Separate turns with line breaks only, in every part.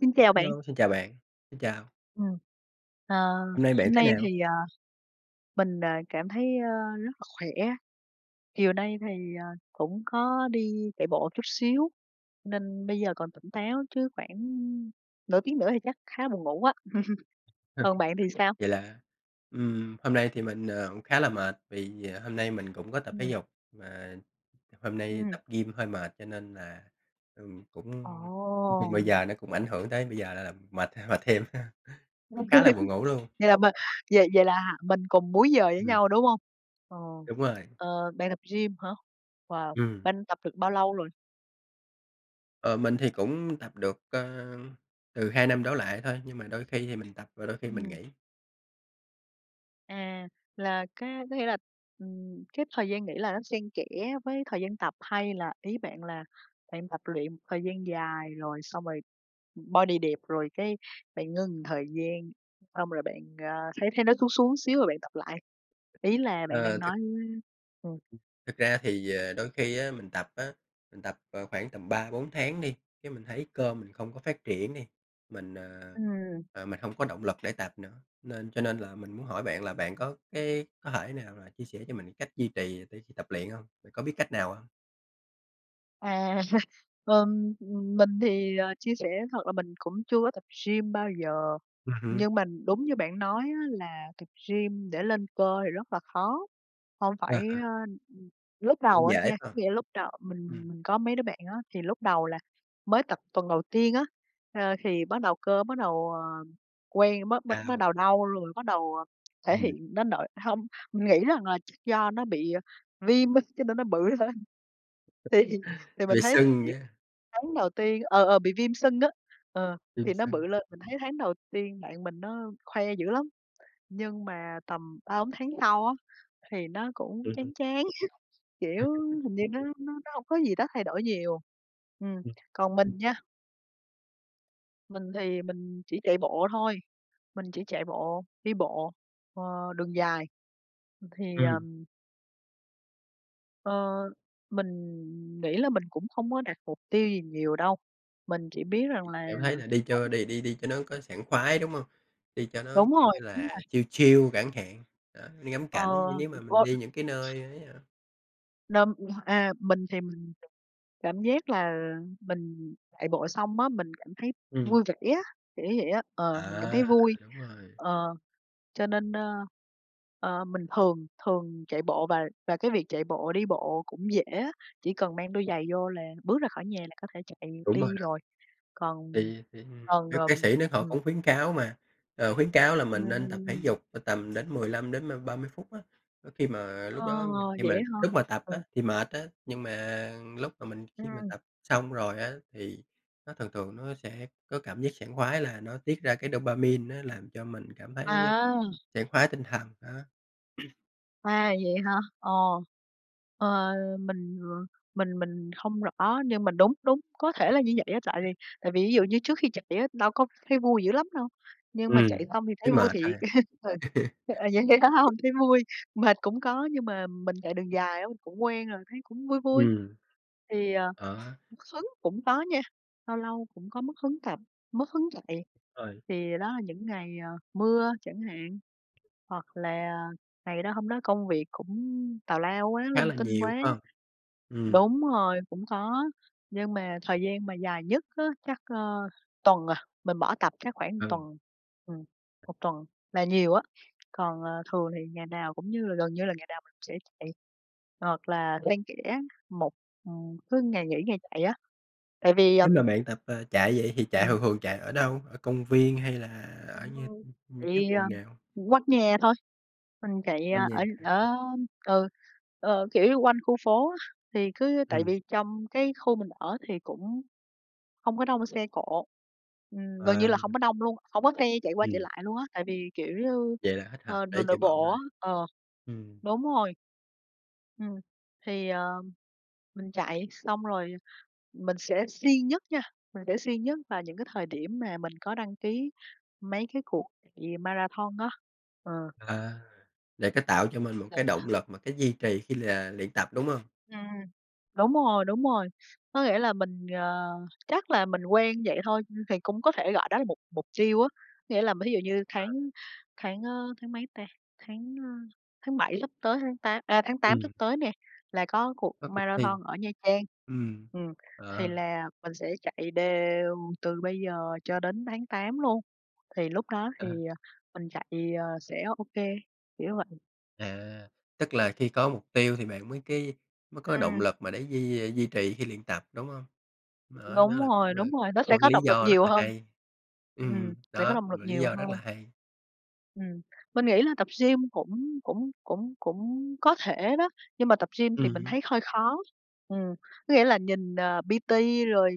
Xin chào bạn.
Hello, xin chào bạn, xin chào.
Ừm. À,
Hôm nay bạn
hôm
thế
nay
nào?
thì, à, mình, à, cảm thấy, ờ, rất là khỏe, chiều nay thì, à, cũng có đi chạy bộ một chút xíu, nên bây giờ còn tỉnh táo, chứ khoảng nửa tiếng nữa thì chắc khá là buồn ngủ á. Còn bạn thì sao?
Vậy là ừm, hôm nay thì mình, ờ, cũng khá là mệt vì, à, hôm nay mình cũng có tập thể
Ừm.
dục, mà h hôm nay
Ừm.
tập gym hơi mệt cho nên là, ừm, cũng nói chung bây
Ồ!
giờ nó cũng ảnh hưởng tới bây giờ là mệt, ờ, mệt thêm, cũng khá là buồn ngủ luôn.
Vậy là mình vậy vậy là mình cùng múi giờ với
Ừm.
nhau, đúng hông? Ờ,
Đúng rồi.
ờ, bạn tập gym hả? Wow,
Ừm.
bạn tập được bao lâu rồi?
Ờ, mình thì cũng tập được, ờ, từ 2 năm đổ lại thôi, nhưng mà đôi khi thì mình tập và đôi khi mình
Ừm.
nghỉ.
À, là cá có nghĩa là, ừm, cái thời gian nghỉ là nó xen kẽ với thời gian tập, hay là ý bạn là bạn tập luyện một thời gian dài rồi xong rồi, ừm, body đẹp rồi cái bạn ngưng một thời gian, xong rồi bạn, à, thấy thấy nó xuống xuống xíu rồi bạn tập lại? Ý là bạn đang
Ờ, thực
nói ừm.
Thực ra thì, ờ, đôi khi á mình tập á, mình tập, ờ, khoảng tầm 3-4 tháng đi, cái mình thấy cơ mình không có phát triển đi, mình, à,
Ừm.
à, mình hông có động lực để tập nữa, nên cho nên là mình muốn hỏi bạn là bạn có cái có thể nào mà chia sẻ cho mình cái cách duy trì để khi tập luyện hông? Bạn có biết cách nào hông?
À, ừm, ừm, mình thì, ờ, chia sẻ thật là mình cũng chưa có tập gym bao giờ,
Ừm hứm.
nhưng mà đúng như bạn nói, á, là tập gym để lên cơ thì rất là khó. Không
À
phải, à
há.
ừm, lúc
Nó
đầu á
dễ
nha,
hơn.
nghĩa là lúc đầu mình
Ừm.
mình có mấy đứa bạn á, thì lúc đầu là mới tập tuần đầu tiên á, ờ, thì bắt đầu, cơ bắt đầu, ờ, quen bắt bắt bắt
Đau.
đầu đau, rồi bắt đầu, à, thể
Ừm.
hiện đến nỗi hông, mình nghĩ rằng là chắc do nó bị, à, viêm á, cho nên nó bự hơn. Thì thì mình
Về
thấy thời
sưng
điểm
nhá.
tháng đầu tiên ờ, ờ, bị viêm sưng á, ờ,
Ừm,
thì nó
sao?
bự lên, mình thấy tháng đầu tiên bạn mình nó khoe dữ lắm, nhưng mà tầm 3-4 tháng sau á thì nó cũng
Ừm hứm.
chán chán, kiểu,
[unintelligible]
hình như nó nó nó hông có gì đó thay đổi nhiều. Ừm,
Ừm.
còn mình nha mình thì mình chỉ chạy bộ thôi, mình chỉ chạy bộ, đi bộ, ờ, đường dài, ừm, thì,
Ừm.
ờm Ờ, mình nghĩ là mình cũng không có đặt mục tiêu gì nhiều đâu, mình chỉ biết rằng là
Cảm thấy là đi
mỗi
cho đi đi đi cho nó có sảng khoái, đúng hông? Đi cho nó,
Đúng
kiểu
rồi,
như
đúng
là,
rồi.
chill chill chẳng hạn, đó, đi ngắm cảnh, như
Ờ
nếu mà mình đi những cái
[unintelligible]
nơi ấy, à
Đơm [unintelligible] a, mình thì mình cảm giác là, ờ, mình chạy bộ xong á, mình cảm thấy
Ừm.
vui vẻ á, kiểu như vậy á, ờ, mình cảm
À,
thấy vui.
đúng rồi.
Ờ, cho nên, a, ờ, mình thường thường chạy bộ và và cái việc chạy bộ, đi bộ cũng dễ á, chỉ cần mang đôi giày vô là bước ra khỏi nhà là có thể chạy
Đúng rồi
đi
đó.
rồi. Còn
Thì thì,
còn,
bác bác
ừm,
sĩ đó, họ
ừm.
cũng khuyến cáo mà, ờ, khuyến cáo là mình nên tập thể
Ưm.
dục, ờ, tầm đến 15 đến, ơ, 30 phút á. Khi mà lúc
Ờ,
đó khi
vậy
mà
á hả?
lúc mà tập
Ừm.
á, thì mệt á, nhưng mà lúc mà mình khi mà
Ừm.
tập xong rồi á, thì, nó thường thường nó sẽ có cảm giác sảng khoái là nó tiết ra cái dopamine, nó làm cho mình cảm thấy
À!
sảng khoái tinh thần đó.
À, vậy hả? Ờ, ờ, mình, ờ, mình mình không rõ nhưng mà đúng đúng, có thể là như vậy á. Tại vì tại vì ví dụ như trước khi chạy á, đâu có thấy vui dữ lắm đâu nhưng mà
Ừm,
chạy xong thì
thấy
thấy vui
mệt thôi.
thiệt. [unintelligible] Ờ, vậy vậy phải hông? Thấy vui, mệt cũng có nhưng mà mình chạy đường dài á, mình cũng quen rồi, thấy cũng vui vui.
Ừm.
Thì, ờ,
Ờ.
mất hứng cũng có nha, lâu lâu cũng có mất hứng tập, mất hứng chạy.
Ơi.
Thì đó là những ngày, ờ, mưa chẳng hạn hoặc là ngày đó, hôm đó công việc cũng tào lao quá,
Khá
linh
là
tinh
nhiều,
quá.
phải hông? Ừm.
Đúng rồi, cũng có. Nhưng mà thời gian mà dài nhất á, chắc, ờ, tuần, à, mình bỏ tập chắc khoảng
Ừ.
tuần. Ừm, 1 tuần là nhiều á. Còn, ờ, thường thì ngày nào cũng như gần như là ngày nào mình cũng sẽ chạy hoặc là xen kẽ một ừm, cứ ngày nghỉ, ngày chạy á. Tại vì,
Nếu
ừm
mà bạn tập, ờ, chạy vậy, thì chạy
Ừm.
thường thường chạy ở đâu? Ở công viên hay là ở
Đúng
những
rồi.
những những cái
Chạy, à,
vùng nào?
quanh nhà thôi. Mình chạy, ờ,
Quanh nhà hả?
ở ở ừ, ờ, kiểu như, quanh khu phố á. Thì cứ tại
Ừm.
vì trong cái khu mình ở thì cũng hông có đông xe cộ. Ừm, gần như
À.
là hông có đông luôn hông có xe chạy qua chạy
Ừm.
lại luôn á. Tại vì, kiểu như,
Vậy là thích hợp
ờ,
để
đường nội
chạy bộ
bộ á.
rồi.
Ờ,
Ừm.
đúng rồi. Ừm, thì, à, mình chạy xong rồi mình sẽ siêng nhất nha, mình sẽ siêng nhất vào những cái thời điểm mà mình có đăng ký mấy cái cuộc chạy marathon á. Ờ.
À, để cái tạo cho mình một cái động
[unintelligible]
lực mà cái duy trì khi là luyện tập, đúng hông?
Ừm, đúng rồi, đúng rồi. Có nghĩa là mình, ờ, chắc là mình quen vậy thôi, thì cũng có thể gọi đó là mục mục tiêu á. Nghĩa là, thí dụ như tháng
À.
tháng, ơ, tháng mấy ta, tháng, ơ, tháng 7 sắp tới tháng tá ơ, tháng 8 sắp
Ừm.
tới nè, là có cuộc
Có cuộc thi.
marathon ở Nha Trang.
Ừm.
Ừm, thì
À.
là, mình sẽ chạy đều từ bây giờ cho đến tháng 8 luôn. Thì lúc đó thì, ờ, mình chạy, ờ, sẽ OK, kiểu vậy.
À, tức là khi có mục tiêu thì bạn mới cái mới có động
Ừm.
lực mà để duy duy trì khi luyện tập, đúng hông? Đó đó,
Đúng
là
rồi,
cũng là,
đúng rồi, nó
có
sẽ
một
có
lý
động lực
do rất
nhiều
là
hơn.
hay.
Ừm,
Ừm,
sẽ có
đó,
động
một
lực
lý
nhiều
do rất
hơn.
là hay.
Ừm, mình nghĩ là tập gym cũng cũng cũng cũng có thể đó, nhưng mà tập gym thì
Ừm
mình
hứm.
thấy hơi khó. Ừm, có nghĩa là nhìn, ờ, PT rồi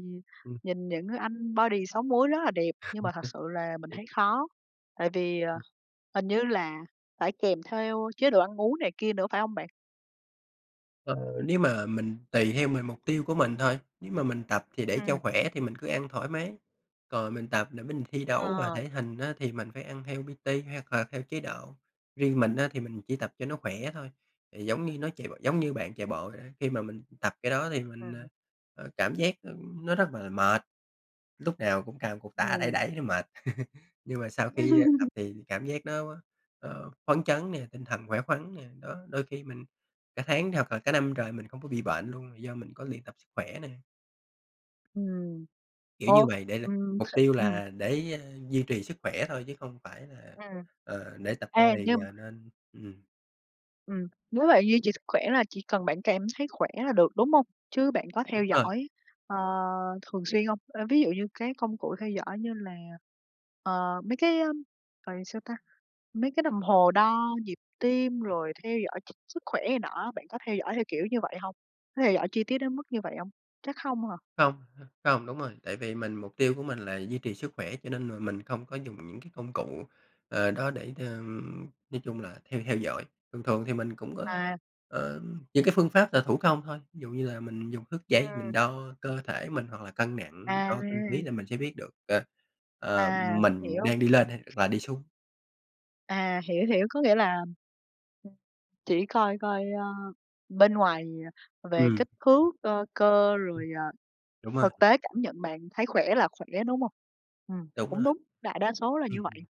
Ừm.
nhìn những anh body 6 múi rất là đẹp, nhưng mà thật sự là mình thấy
[unintelligible]
khó. Tại vì, ờ,
Ừm.
hình như là phải kèm theo chế độ ăn uống này kia nữa phải hông bạn?
Ờ, nếu mà mình tùy theo mình, mục tiêu của mình thôi. Nếu mà mình tập thì để cho
Ừm.
khỏe thì mình cứ ăn thoải mái, còn mình tập để mình thi đấu mà
Ờ.
thể hình, á, thì mình phải ăn theo PT hoặc là theo chế độ. Riêng mình, á, thì mình chỉ tập cho nó khỏe thôi, thì giống như nó chạy b giống như bạn chạy bộ vậy, á, khi mà mình tập cái đó thì mình,
Ừm.
à, cảm giác, ừm, nó rất là mệt, lúc nào cũng cầm cục tạ đẩy
Ừm.
đẩy nó mệt. Nhưng mà sau khi tập thì cảm giác nó, ờ, phấn chấn nè, tinh thần khỏe khoắn nè, đó, đôi khi mình cả tháng hoặc là cả năm trời mình không có bị bệnh luôn, là do mình có luyện tập sức khỏe nè.
Ừm.
Kiểu như
Ô.
vậy, để l
Ừm,
mục tiêu
ừm.
là để, a, duy trì sức khỏe thôi chứ không phải là,
Ừm.
ờ, để tập
Ê,
body,
nhưng m
à, nên ừm.
Ừm, nếu vậy duy trì sức khỏe là chỉ cần bạn cảm thấy khỏe là được, đúng hông? Chứ bạn có theo
Đúng rồi.
dõi, ờ, thường xuyên hông? Ơ, ví dụ như cái công cụ theo dõi như là, ờ, mấy cái, ưm, gọi là, sao ta, mấy cái đồng hồ đo nhịp tim rồi theo dõi ch sức khỏe này nọ á, bạn có theo dõi theo kiểu như vậy hông? Có theo dõi chi tiết đến mức như vậy hông? Chắc hông hả?
Hông, h hông, đúng rồi, tại vì mình mục tiêu của mình là duy trì sức khỏe, cho nên là mình không có dùng những cái công cụ, ờ, đó để, ờm, nói chung là theo theo dõi. Thường thường thì mình cũng có,
À.
ờ, những cái phương pháp là thủ công thôi, ví dụ như là mình dùng thước dây mình
Ừm.
đo cơ thể mình hoặc là cân nặng,
À!
đo cân ký là mình sẽ biết được, ờ, ờ,
À,
mình
hiểu.
đang đi lên hay là đi xuống.
À, hiểu, hiểu, có nghĩa là chỉ coi coi, ơ, bên ngoài, ờ, về
Ừm.
kích thước, ờ, cơ,
Ừm.
rồi, à,
Đúng rồi.
thực tế cảm nhận bạn thấy khỏe là khỏe, đúng hông? Ừm,
Đúng
cũng
rồi.
đúng, đại đa số là
Ừm
như vậy.
hứm.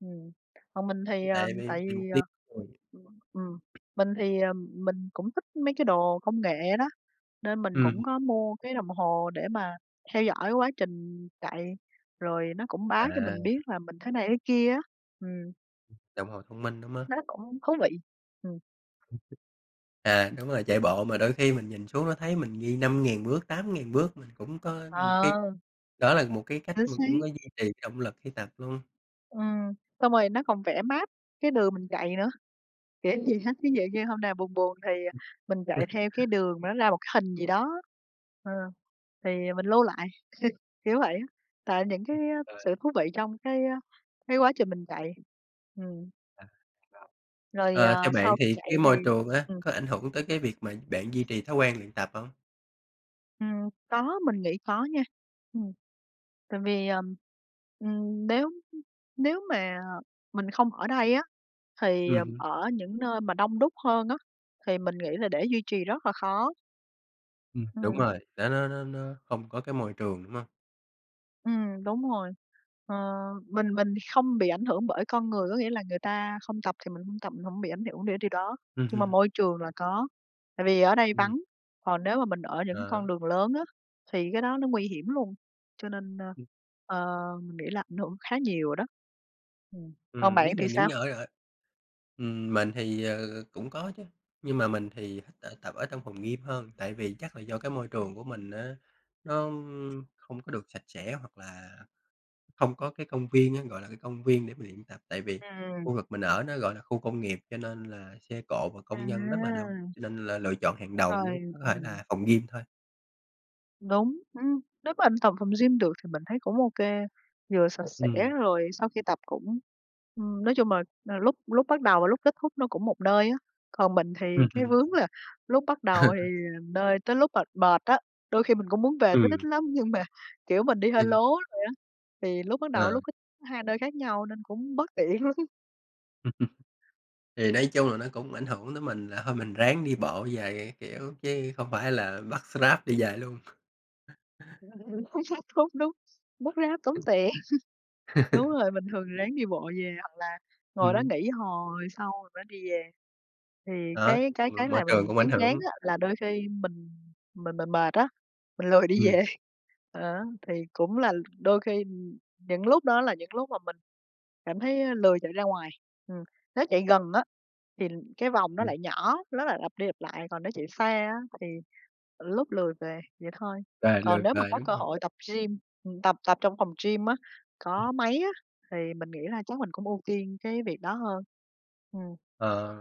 Ừm, còn mình thì,
Cũng
ờ,
tại vì
tại
vì mục
vì,
tiêu
ờ
thôi.
ừm, ừm, mình thì, ờ, mình cũng thích mấy cái đồ công nghệ đó, nên mình cũng
Ừm.
có mua cái đồng hồ để mà theo dõi quá trình chạy, rồi nó cũng báo cho mình
À.
biết là mình thế này thế kia á. Ừm.
Đồng hồ thông minh, đúng á.
Nó cũng thú vị, ừm.
À, đúng rồi, chạy bộ, mà đôi khi mình nhìn xuống nó thấy mình ghi 5.000 bước, 8.000 bước, mình cũng có một cái
Ờ.
đó là một cái cách
Chính
mà cũng có duy
xác.
trì cái động lực khi tập luôn.
Ừm, xong rồi nó còn vẽ map cái đường mình chạy nữa, kiểu gì ha ví dụ như hôm nào buồn buồn thì, ờ, mình chạy theo cái đường mà nó ra một cái hình gì đó, ờ, thì mình lưu lại, kiểu vậy á, tại những cái, ơ,
Ờ.
sự thú vị trong cái, ơ, cái quá trình mình chạy, ừm.
Ờ. [unintelligible]
Rồi,
Ờ,
à,
theo bạn
sau khi
thì,
chạy
cái
thì
môi trường á,
ừm.
có ảnh hưởng tới cái việc mà bạn duy trì thói quen luyện tập hông?
Ừm. Có, mình nghĩ có nha. Ừm. Tại vì, ờm, ừm, nếu, ưm, nếu mà mình không ở đây á thì,
Ừm
ừm,
hứm.
ở những nơi mà đông đúc hơn á, thì mình nghĩ là để duy trì rất là khó.
Ừm, đúng
Ừm.
rồi. Nó nó nó nó không có cái môi trường, đúng hông?
Ừm, đúng rồi. Ờ, mình mình thì không bị ảnh hưởng bởi con người, có nghĩa là người ta không tập thì mình hông tập, mình hổng bị ảnh hưởng để điều đó.
Ừm
Nhưng mà
hưm.
môi trường là có, tại vì ở đây
Ừm.
vắng, còn nếu mà mình ở những
À
con
há.
đường lớn á, thì cái đó nó nguy hiểm luôn, cho nên, ơ,
Ưm.
ờ, mình nghĩ là ảnh hưởng khá nhiều đó. Ừm. Còn
Ừm,
bạn
nếu
thì
mà những
sao?
nh ở ở ừm, mình thì, ờ, cũng có chứ, nhưng mà mình thì thích ở tập ở trong phòng gym hơn. Tại vì chắc là do cái môi trường của mình á nó, ưm, không có được sạch sẽ, hoặc là hông có cái công viên á, gọi là, cái công viên để mình luyện tập. Tại vì
Ừm.
khu vực mình ở nó, gọi là, khu công nghiệp, cho nên là xe cộ và công nhân rất là đông,
À!
nên n là lựa chọn hàng đầu n
Rồi,
có thể
ừm.
là phòng gym thôi.
Đúng, ưm, nếu mà tập phòng gym được thì mình thấy cũng ô kê, vừa sạch sẽ
Ừm.
rồi sau khi tập cũng, ừm, nói chung là, ờ, lúc lúc bắt đầu và lúc kết thúc nó cũng một nơi á. Còn mình thì
Ừm
cái
hứm.
vướng là lúc bắt đầu thì một nơi, tới lúc mệt mệt á, đôi khi mình cũng muốn về tới đích
Ừm.
lắm nhưng mà, kiểu, mình đi hơi lố
Ừm.
rồi á, thì lúc bắt đầu với
Ờ.
lúc kết thúc hai nơi khác nhau, nên cũng bất tiện lắm.
Thì nói chung là nó cũng ảnh hưởng tới mình là thôi mình ráng đi bộ về các kiểu chứ không phải là bắt Grab đi về luôn.
Đúng, đúng, bắt Grab tốn tiền. Đúng rồi, bình thường thì ráng đi bộ về, hoặc là ngồi đó
Ừm.
nghỉ, hồi sau mình mới đi về. Thì
Đó,
cái cái cái
m môi
làm
trường
mình
cũng ảnh
chán chán,
hưởng.
á, là đôi khi mình mình mình mệt á, mình lười đi
Ừm.
về, á, thì cũng là đôi khi những lúc, đó, là, những lúc mà mình cảm thấy, a, lười chạy ra ngoài. Ừm, nếu chạy gần, á, thì cái vòng nó
Ừm.
lại nhỏ, nó lại lặp đi, lặp lại, còn nếu chạy xa, á, thì, lúc lười về, vậy thôi.
Về lười
Còn nếu mà
về,
có
đúng
cơ
hông?
hội tập gym ừm, tập tập trong phòng gym á,
Ừm.
có máy á, thì mình nghĩ là chắc mình cũng ưu tiên cái việc đó hơn. Ừm.
Ờ.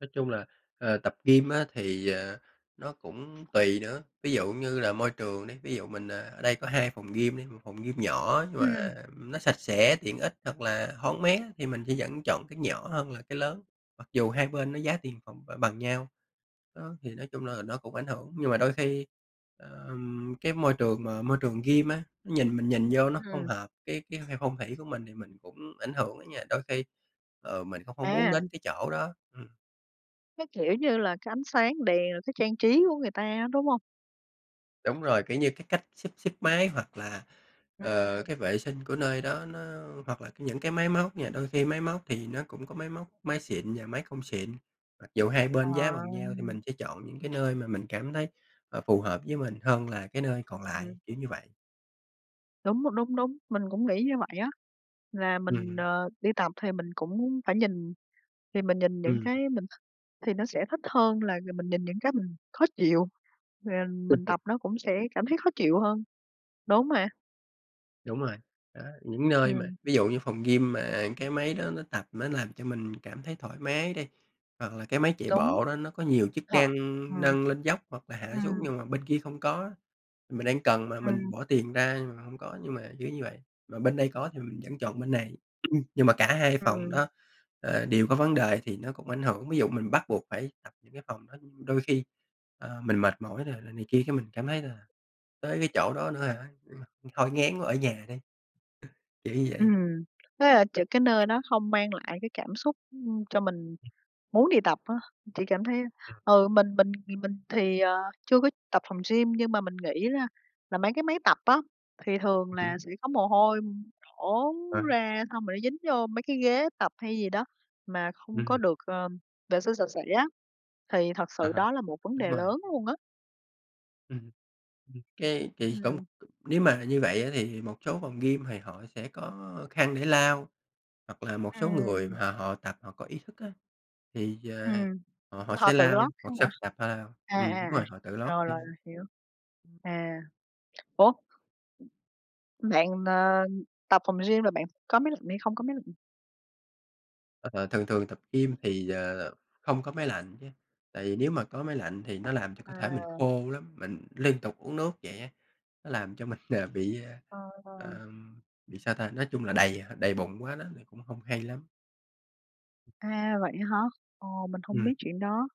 Nói chung là, ờ, tập gym á thì, ờ, nó cũng tùy nữa, ví dụ như là môi trường đi, ví dụ mình, ờ, ở đây có 2 phòng gym đi, 1 phòng gym nhỏ nhưng mà,
Ừm.
ừm, nó sạch sẽ, tiện ích hoặc là thoáng mát á, thì mình sẽ vẫn chọn cái nhỏ hơn là cái lớn, mặc dù hai bên nó giá tiền phòng b bằng nhau. Đó, thì nói chung là nó cũng ảnh hưởng, nhưng mà đôi khi, ờm, cái môi trường mà môi trường gym á, nó nhìn mình nhìn vô nó không
Ừm.
hợp cái cái cái phong thủy của mình, thì mình cũng ảnh hưởng á nha, đôi khi, ờ, mình cũng không muốn
À!
đến cái chỗ đó. Ừm.
Cái, kiểu như là, cái ánh sáng đèn, rồi cách trang trí của người ta á, đúng hông?
Đúng rồi, kiểu như, cái cách xếp xếp máy hoặc là, ờ,
Ừm.
cái vệ sinh của nơi đó nó hoặc là nh những cái máy móc nha, đôi khi máy móc thì nó cũng có máy móc máy xịn và máy không xịn, mặc dù hai
Ờ.
bên giá bằng nhau thì mình sẽ chọn những cái nơi mà mình cảm thấy, ờ, phù hợp với mình hơn là cái nơi còn
Ừm.
lại, kiểu như vậy.
Đúng, m đúng, đúng, mình cũng nghĩ như vậy á, là mình,
Ừm.
ờ, đi tập thì mình cũng phải nhìn, thì mình nhìn những
Ừm.
cái mình th thì nó sẽ thích hơn là g mình nhìn những cái mình khó chịu, rồi, à, mình tập nó cũng sẽ cảm thấy khó chịu hơn, đúng mà.
Đúng rồi, đó, những nơi mà
Ừm.
ví dụ như phòng gym mà, à, cái máy đó nó tập, nó làm cho mình cảm thấy thoải mái đi, hoặc là cái máy chạy
Đúng.
bộ đó nó có nhiều chức
Ờ,
năng,
ừm.
nâng lên dốc hoặc là hạ xuống,
Ừm.
nhưng mà bên kia không có á, mình đang cần mà mình
Ừm.
bỏ tiền ra nhưng mà hông có, nhưng mà kiểu như vậy, mà bên đây có thì mình vẫn chọn bên này. Nhưng mà cả hai phòng
Ừm.
đó, ờ, đều có vấn đề thì nó cũng ảnh hưởng, ví dụ mình bắt buộc phải tập những cái phòng đó, ưm, đôi khi, ờ, mình mệt mỏi rồi là này kia cái mình cảm thấy, là, tới cái chỗ đó nữa hả? Ừm, thôi ngán quá ở nhà đi. Ờ, kiểu như vậy.
Ừm, thế là ch cái nơi đó không mang lại cái cảm xúc, ưm, cho mình
Ừm.
muốn đi tập á, thì cảm thấy
Ừm.
ừ, mình mình thì mình thì, ờ, chưa có tập phòng gym, nhưng mà mình nghĩ là là mấy cái máy tập á, thì thường
Ừm.
là sẽ có mồ hôi đổ
À.
ra, xong rồi nó dính vô mấy cái ghế tập hay gì đó mà không có
Ừm.
được, ờ, vệ sinh sạch sẽ á, thì thật
À
sự
há,
đó là một vấn
đúng
đề
rồi.
lớn luôn á.
Ừm. Ừm, cái kì cũng
Ừm.
nếu mà như vậy, á, thì, một số phòng gym thì họ sẽ có khăn để lau, hoặc là một số người
Ừm.
mà họ tập họ có ý thức, á, thì, ờ,
Ừm,
họ họ
ưm, họ
sẽ
tự lót
lau, hoặc
khăn hả?
sau khi tập à,
À, à,
ừm, đúng
à,
rồi, họ tự lót
rồi, rồi,
thêm.
rồi, hiểu. À. Ủa? Bạn, n ờ, tập phòng gym là bạn có máy lạnh hay không có máy lạnh?
Ờ, thường thường tập gym thì, ờ, không có máy lạnh nha, tại vì nếu mà có máy lạnh thì nó làm cho cơ thể mình
À.
khô lắm, mình liên tục uống nước vậy á, nó làm cho mình, ờ, bị, ờ,
Ờ, ờ.
ờ, bị sao ta, nói chung là đầy đầy bụng quá đó thì cũng hông hay lắm.
À, vậy á hả? Ồ, mình hông
Ừm.
biết chuyện đó.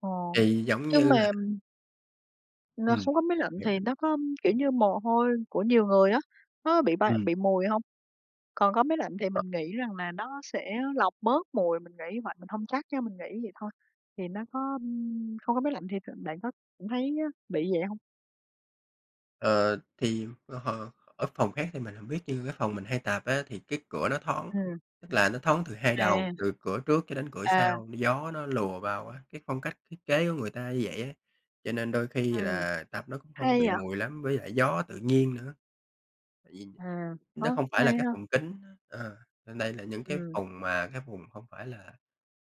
Ồ,
Thì giống
nhưng
như là
mà N
Ừm.
không có máy lạnh thì
[unintelligible]
nó có kiểu như mồ hôi của nhiều người á, nó bị bay
Ừm.
bị mùi hông? Còn có máy lạnh thì
Ờ.
mình nghĩ rằng là nó sẽ lọc bớt mùi, mình nghĩ vậy, mình hông chắc nha, mình nghĩ vậy thôi, thì nó có không có máy lạnh thì tự bạn có thấy bị vậy hông?
Ờ, thì, ờ, h ở phòng khác thì mình hổng biết như cái phòng mình hay tập, á, thì cái cửa nó thoáng,
Ừm.
tức là nó thoáng từ hai đầu,
À.
từ cửa trước cho đến cửa
À.
sau, gió nó lùa vào á, cái phong cách thiết kế của người ta như vậy á, cho nên đôi khi
Ừm,
là tập nó cũng không có
hay
bị
vậy.
mùi lắm với lại gió tự nhiên nữa. Tại vì,
À,
nó
có,
không phải là
hay
cái
ha.
phòng kín á, ờ, nên đây là những cái
Ừm.
vùng mà cái vùng hông phải là,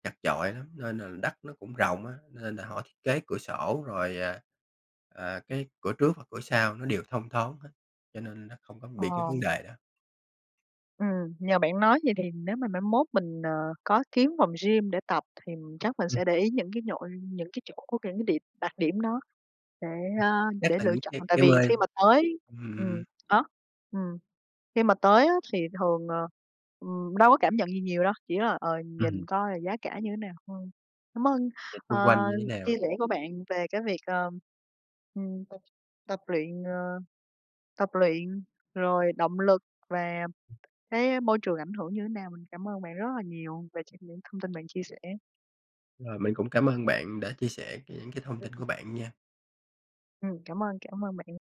chặt chội lắm nên là đất nó cũng rộng á, nên là họ thiết kế cửa sổ rồi, à, à, cái cửa trước hoặc cửa sau nó đều thông thoáng hết, cho nên nó không có bị cái vấn
Ờ.
đề đó.
Ừm, nhờ bạn nói vậy thì nếu mà mai mốt mình, ờ, có kiếm phòng gym để tập, thì, chắc mình
Ừm.
sẽ để ý những cái nhội những cái chỗ của cái điểm đặc điểm đó để, a,
Chắc
để
là
lựa
những
chọn
cái
tại
cái
vì khi
[unintelligible]
mà tới
ừm.
ừm, á, ừm, khi mà tới, á, thì thường, ờ, ừm, đâu có cảm nhận gì nhiều đâu, chỉ là, ờ, nhìn
Ừm.
coi là giá cả như thế nào thôi. Cảm ơn,
Nhìn xung quanh
ờ,
như thế nào?
chia sẻ của bạn về cái việc, ờ, ừm, tập tập luyện, ờ, tập luyện, rồi động lực và cái, a, môi trường ảnh hưởng như thế nào. Mình cảm ơn bạn rất là nhiều về ch những thông tin bạn chia sẻ.
Rồi, mình cũng cảm ơn bạn đã chia sẻ cái những cái thông tin của
[unintelligible]
bạn nha.
Ừm, cảm ơn, cảm ơn bạn.